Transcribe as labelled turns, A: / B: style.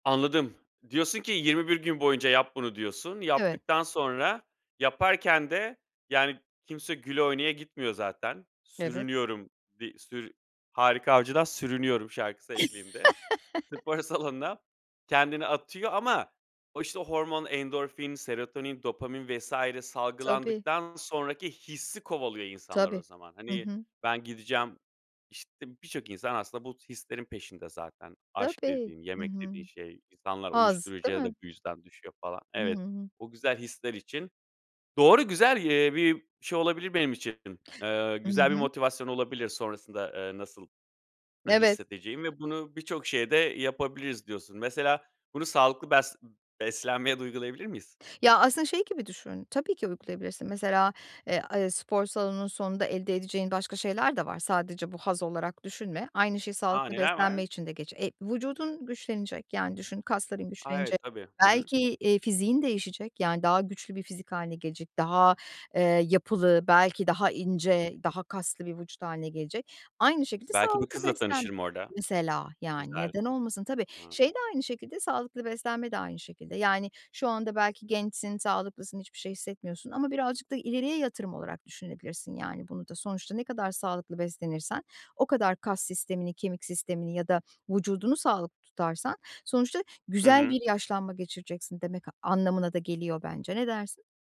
A: Anladım. Diyorsun ki, "21 gün boyunca yap bunu." diyorsun.
B: Evet.
A: Yaptıktan sonra, yaparken de, yani, kimse güle oynaya gitmiyor zaten.
B: Evet.
A: Sürünüyorum. Di sürü Harika Avcı'dan "Sürünüyorum" şarkısı eşliğinde spor salonuna kendini atıyor ama o, işte, hormon, endorfin, serotonin, dopamin vs.
B: Tabii.
A: salgılandıktan sonraki hissi kovalıyor insanlar o
B: Tabii.
A: zaman.
B: Hı
A: Hani,
B: hı.
A: ben gideceğim işte, birçok insan aslında bu hislerin peşinde zaten. Aşk
B: Tabii,
A: dediğin,
B: hı
A: yemek
B: hı.
A: dediğin şey. İnsanlar
B: Haz, değil
A: uyuşturucuya da
B: mi?
A: bu yüzden düşüyor, falan.
B: Hı
A: Evet,
B: hı.
A: o güzel hisler için. Doğru, güzel, eee, bir şey olabilir benim için. Eee,
B: Hı
A: güzel bir
B: hı.
A: motivasyon olabilir sonrasında, eee, nasıl
B: Evet.
A: hissedeceğim ve bunu birçok şeye de yapabiliriz diyorsun. Mesela, bunu sağlıklı bes beslenmeye de uygulayabilir miyiz?
B: Ya, aslında şey gibi düşün, tabii ki uygulayabilirsin. Mesela, eee, a spor salonunun sonunda elde edeceğin başka şeyler de var, sadece bu haz olarak düşünme. Aynı şey
A: A!
B: sağlıklı
A: Neler var?
B: beslenme için de geç Eee, vücudun güçlenecek, yani, düşün, kasların
A: A!
B: güçlenecek.
A: Evet, tabii, hı hı.
B: Belki, eee, fiziğin değişecek, yani, daha güçlü bir fizik hâline gelecek, daha, eee, yapılı, belki daha ince, daha kaslı bir vücut hâline gelecek. Aynı şekilde
A: Belki bir
B: sağlıklı
A: kızla
B: beslen
A: tanışırım orada.
B: mesela, yani,
A: Güzel.
B: neden olmasın? Tabii,
A: Hıı.
B: şey de aynı şekilde, sağlıklı beslenme de aynı şekilde. Yani, şu anda belki gençsin, sağlıklısın, hiçbir şey hissetmiyorsun ama birazcık da ileriye yatırım olarak düşünebilirsin, yani, bunu da. Sonuçta ne kadar sağlıklı beslenirsen, o kadar kas sistemini, kemik sistemini ya da vücudunu sağlıklı tutarsan, sonuçta
A: Hı
B: güzel
A: hı.
B: bir yaşlanma geçireceksin demek anlamına da geliyor bence. Ne dersin?